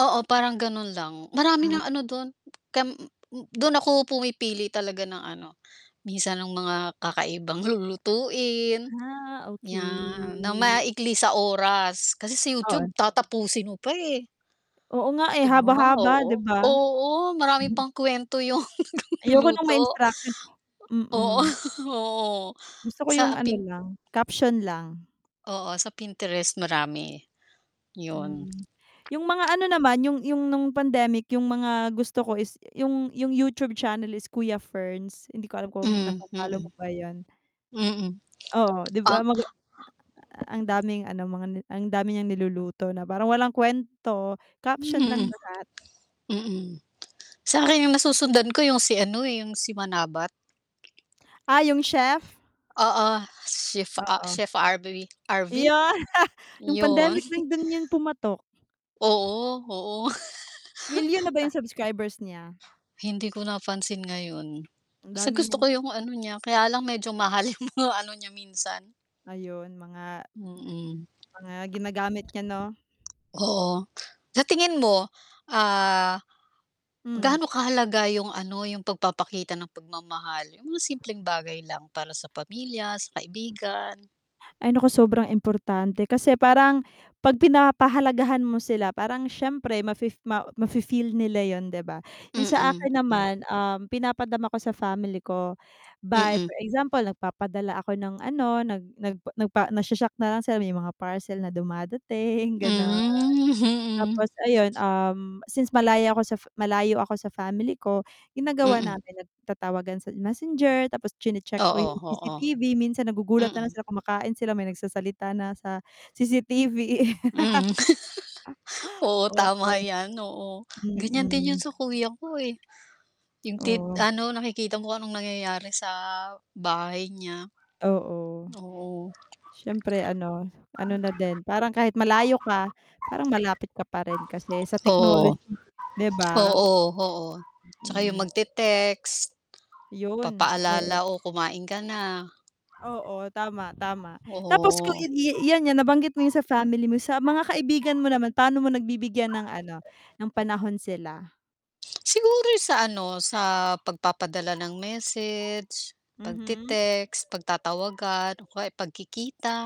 Oo parang ganun lang, marami Um na ano dun, kam dun ako pumipili talaga ng ano, minsan ng mga kakaibang lulutuin, Ah, yan, na okey. maikli sa oras, kasi sa YouTube Oo. tatapusin mo pa, eh. Oo nga, eh, 'Di ba haba-haba di oo, ba? oo maraming pang kuwento yung Ayoko ng may nag-luluto. instruction Oo mm. oo, Gusto ko sa yung ano Pin lang, caption lang. Oo sa Pinterest marami, yun. Hmm, yung mga ano naman, yung yung nung pandemic yung mga gusto ko is yung yung YouTube channel is Kuya Ferns, hindi ko alam kung Hmm, na-fo-follow mo mm. ba yun. Mm, Oo 'di ah ba maga a a a ang daming ano mga n ang dami niyang niluluto na parang walang kuwento, caption lang Hmm. lahat. Mm, sa'kin yung nasusundan ko yung si ano, eh, yung si Manabat. Ah, yung chef? Oo, chef a Oo. Chef RB RV? Iyon yung Yun. pandemic lang dun yun pumatok. Oo, oo. Milyon na ba yung subscribers niya? Hindi ko napansin ngayon. Ang Basta dami gusto ko niyang yung ano niya, kaya lang medyo mahal yung mga ano niya minsan. ayon mga Mm. mga ginagamit niya 'no? Oo. Sa tingin mo, ah, Hmm. gaano kahalaga yung ano, yung pag-papakita ng pag-mamahal yung mga simpleng bagay lang para sa pamilya, sa kaibigan? Ay naku sobrang importante, kasi parang, 'pag pinapahalagahan mo sila parang siyempre ma-fe ma ma-fe-feel nila yun 'di ba? Yung sa Mm, akin mm. naman, um, pinapadama ko sa family ko, by Mm. for example nag-papadala ako ng ano, nag nag nagpa nag shoshock na lang sila may mga parcel na dumadating ganon. Hmm, Tapos mhm. ayun, um, since malayo ako sa malayo ako sa family ko, ginagawa Mm. namin nag-tatawagan sa Messenger tapos chine-check ko Oo, yung oo. CCTV minsan nagugulat na lang Mm. sila kumakain sila may nagsasalita na sa CCTV. Mhm. Oo Ah tama oo, yan, oo, ganiyan din yun mm. sa kuya ko, eh. Yung tit Oh. ano nakikita mo kung anong nangyayari sa, bahay niya. Oo. Oo. Siyempre ano, ano na din, parang kahit malayo ka, parang malapit ka pa rin kasi sa Oo, technology, di ba? oo, oo, 'tsaka yung Hmm. mag-tetext. Yun, oo. Papaalala o kumain ka na. Oo, tama, tama tapos kung Oo. yan yan nabanggit mo yun sa family mo sa mga kaibigan mo naman pa'no mo nagbibigyan ng ano, ng panahon sila? Siguro sa ano, sa pag-papadala ng message, Mhm. pag-tetext, pagtatawagan o kaya pagkikita,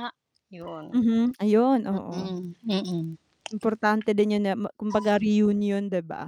yun. Mhm, ayun oo. Mm, mm. Importante din yun na, kumbaga reunion 'di ba?